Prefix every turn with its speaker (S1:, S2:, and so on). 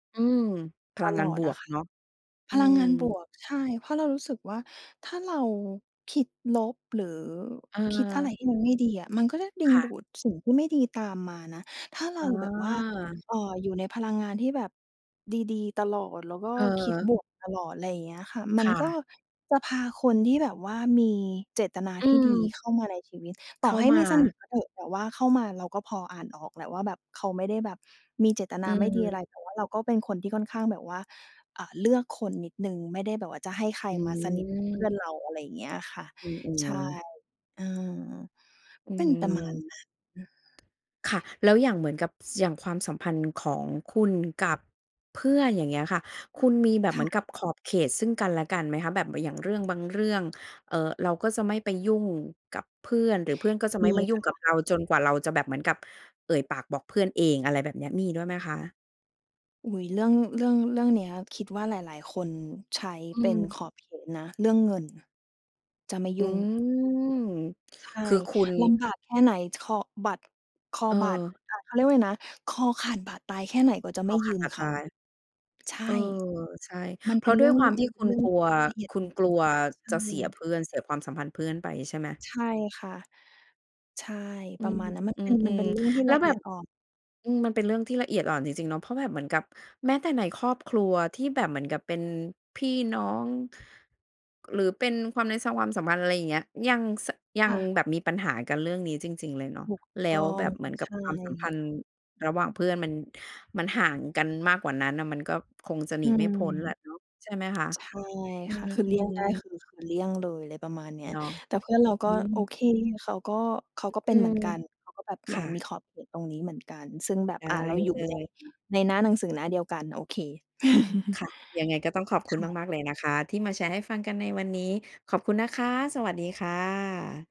S1: อืม พ
S2: ต
S1: ลังง
S2: ล
S1: าน
S2: อ
S1: บ
S2: ดอ
S1: ว
S2: ะ
S1: ก
S2: ค่ะ
S1: เนาะ อ
S2: พ
S1: ื
S2: ลังงานบ
S1: ม
S2: วก ใช่ เพราะเรารู้สึกว่า ถ้าเราคิดลบ หรือคิดอะไร
S1: เออ
S2: ที่มันไม่ดีอะ มันก็จะดึ
S1: ค
S2: ง
S1: ่
S2: ด
S1: ะ
S2: ูดสิ่งที่ไม่ดีตามมานะ ถ้าเ
S1: เ
S2: ราแบบว่า
S1: ออ
S2: เอ่อ อยู่ในพลังงานที่แบบดี ๆ ตลอด แล้วก็คิด
S1: เออ
S2: บวกตลอด ไรอย่างเงี้ยค่ะ ม
S1: ค
S2: ัน
S1: ่
S2: ก็
S1: ะ
S2: จะพาคนที่แบบว่า มีเจตนา
S1: อื
S2: ที่ดี
S1: ม
S2: เข้ามาในชีวิต ต
S1: เข
S2: ่อ
S1: ้า
S2: ให้
S1: ม
S2: ไม
S1: า
S2: ่สนิทก็เถอะ แต่ว่าเข้ามาเราก็พออ่านออกแหละว่าแบบเขาไม่ได้แบบมีเจตน
S1: อื
S2: าไม่ดีอ
S1: ม
S2: ะไร แต่ว่าเราก็เป็นคนที่ค่อนข้างแบบว่า อ่า เลือกคนนิดหนึ่ง ไม่ได้แบบว่าจะให้ใครมาสนิท เพื่อ
S1: หือ
S2: นเรา อะไรอย่างเงี้ยอะค่ะ
S1: อื
S2: ใช่
S1: ม ๆ
S2: เออ
S1: อื
S2: เป็นประ
S1: ม
S2: มาณนั้น
S1: ค่ะ แล้วอย่างเหมือนกับ ส อย่างความสัมพันธ์ของคุณกับเพื่อน อย่างเงี้ยค่ะ คุณมีแบบ
S2: ค
S1: เห
S2: ่
S1: มือน
S2: ะ
S1: กับขอบเขตซึ่งกันและกันไหมคะ? แบบ ม อย่างเรื่องบางเรื่อง เอ่อ เราก็จะไม่ไปยุ่งกับเพื่อน หรือเพื่อนก็จะ
S2: ม
S1: ไม่
S2: ี
S1: มายุ
S2: ค
S1: ่ง
S2: ่
S1: ก
S2: ะ
S1: ับเรา จนกว่าเราจะแบบเหมือนกับเอ่ยปากบอกเพื่อนเอง อะไรแบบเนี้ย มีด้วยไหมคะ?
S2: อุ๊ย เรื่อง เรื่อง เรื่องเนี้ยคิดว่า หลาย ๆ คนใช้
S1: อื
S2: เป็น
S1: ม
S2: ขอบเขตนะ เรื่องเงิน จะไม่
S1: อ
S2: ย
S1: ื
S2: ุ่ง
S1: ม
S2: ใช่
S1: คือคุณ
S2: ลำบากแค่ไหน คอบัตร คอ
S1: เอ
S2: บาด
S1: อ
S2: อ่า เขาเรียกว่าอะไรนะ คอขาดบาดตายแค่ไหน ก็จะ
S1: ค
S2: ไม่
S1: อข
S2: ยื
S1: าด
S2: ม
S1: บาด
S2: เข
S1: ต
S2: า
S1: าย
S2: ใช่
S1: เออ ใช่
S2: มัน
S1: เพ
S2: เป
S1: ร
S2: ็
S1: า
S2: น
S1: ะ
S2: เร
S1: ด
S2: ื
S1: ้
S2: ่
S1: ว
S2: อ
S1: ย
S2: ง
S1: ความท
S2: ม
S1: ี
S2: ั
S1: ่
S2: นเป็
S1: ค
S2: น
S1: ุ
S2: เ
S1: ณ
S2: รื่อง
S1: กลัว
S2: ละเอียด
S1: คุ
S2: อ่
S1: ณ
S2: อ
S1: กล
S2: น
S1: ัว
S2: ใช
S1: จะเสีย
S2: ่
S1: เพื่อน เสียความสัมพันธ์เพื่อนไป ใช่ไหม?
S2: ใช่ค่ะ ใช่
S1: อื
S2: ประ
S1: ม
S2: มาณนั้น มัน
S1: อื
S2: เป็น มันเ
S1: ม
S2: ป็นเรื่องที่
S1: ๆ แล้
S2: ล
S1: ว
S2: ะเ
S1: แบ
S2: อีย
S1: บ
S2: ดอ่อน
S1: อืม มันเป็นเรื่องที่ละเอียดอ่อนจริง ๆ เนาะ เพราะแบบเหมือนกับ แม้แต่ในครอบครัวที่แบบเหมือนกับเป็นพี่น้อง หรือเป็นความใน ส ความสัมพันธ์ ไรอย่างเงี้ย ยัง ส ยั
S2: ค
S1: ง
S2: ่ะ
S1: แบบมีปัญหากันเรื่องนี้จริง ๆ เลยเนาะ
S2: ถูก
S1: แล้
S2: ต้อ
S1: วแบ
S2: ง
S1: บเหมือนกั
S2: ใช
S1: บความสัมพั
S2: ่
S1: นธ์ระหว่างเพื่อน มัน มันห่างกันมากกว่านั้นน่ะ มันก็คงจะหน
S2: อ
S1: ี
S2: ื
S1: ไม่
S2: ม
S1: พ้นแหละเนาะ ใช่ไหมคะ?
S2: ใช่
S1: อื
S2: ค่ะ คือเลี่ยง
S1: ม
S2: ได้
S1: ๆ
S2: คือ คือเลี่ยงเลย อะไรประมาณนี้
S1: เนาะ
S2: แต่เพื่อนเราก
S1: อ
S2: ็
S1: ื
S2: โอ
S1: ม
S2: เค เขาก็ เขา
S1: อ
S2: ก็เ
S1: อ
S2: ป
S1: ื
S2: ็นเหม
S1: ม
S2: ือนกัน เขาก็แบบ
S1: ค
S2: มา
S1: ่
S2: มี
S1: ะ
S2: ขอบเขตตรงนี้เหมือนกัน ซึ่งแบบ
S1: ได
S2: อะ
S1: ้
S2: เราอยู่
S1: เล
S2: ใน
S1: ย
S2: ในหน้าหนังสือหน้าเดียวกันโอเค
S1: ค่ะ ยังไงก็ต้องขอบคุ
S2: ค
S1: ณ
S2: ่ะ
S1: มาก ๆ เลยนะคะ ที่มาแชร์ให้ฟังกันในวันนี้ ขอบคุณนะคะ สวัสดีค่ะ